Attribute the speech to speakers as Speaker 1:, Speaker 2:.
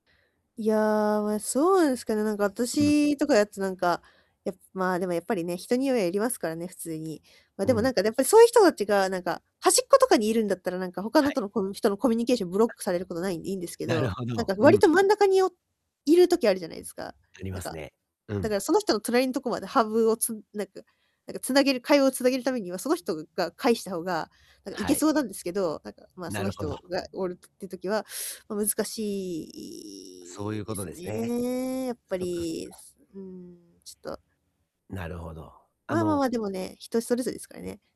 Speaker 1: いや、まあ、そうなんすかね、なんか
Speaker 2: うん。
Speaker 1: 私とかだとなんか、やっぱ、まあ、でもやっぱりね、人にはよりますからね、普通に。まあ、
Speaker 2: う
Speaker 1: でも
Speaker 2: ん。
Speaker 1: なんかやっぱりそういう人達がなんか、端っことかにいるんだったら、なんか他
Speaker 2: は
Speaker 1: のと
Speaker 2: い。
Speaker 1: のこの人のコミュニケーションブロックされることは無いんでいいんですけ
Speaker 2: なる
Speaker 1: ど、
Speaker 2: ほ
Speaker 1: なん
Speaker 2: ど。
Speaker 1: か
Speaker 2: う
Speaker 1: 割
Speaker 2: ん。
Speaker 1: と真ん中においる時あるじゃないすか？
Speaker 2: あり
Speaker 1: なん
Speaker 2: ます
Speaker 1: か、
Speaker 2: ね。う
Speaker 1: だか
Speaker 2: ん。
Speaker 1: らその人の隣のところまでハブをつなんかなんか繋げる会話を繋げるためには、その人ぐが返した方が、なんかい
Speaker 2: は
Speaker 1: け
Speaker 2: い。
Speaker 1: そうなんですけど、なんか、まあ、そ
Speaker 2: な
Speaker 1: の
Speaker 2: るほど。
Speaker 1: 人がおるっていう時はまあ、難しい
Speaker 2: そう
Speaker 1: い
Speaker 2: い
Speaker 1: い
Speaker 2: うこ
Speaker 1: で
Speaker 2: と
Speaker 1: す
Speaker 2: ですね。
Speaker 1: ね。やっぱ
Speaker 2: そっかそっ
Speaker 1: り。
Speaker 2: か。
Speaker 1: すうん。ちょっと
Speaker 2: なるほど。あ
Speaker 1: まあまあま
Speaker 2: の
Speaker 1: あ、でもね、人それぞれすからね。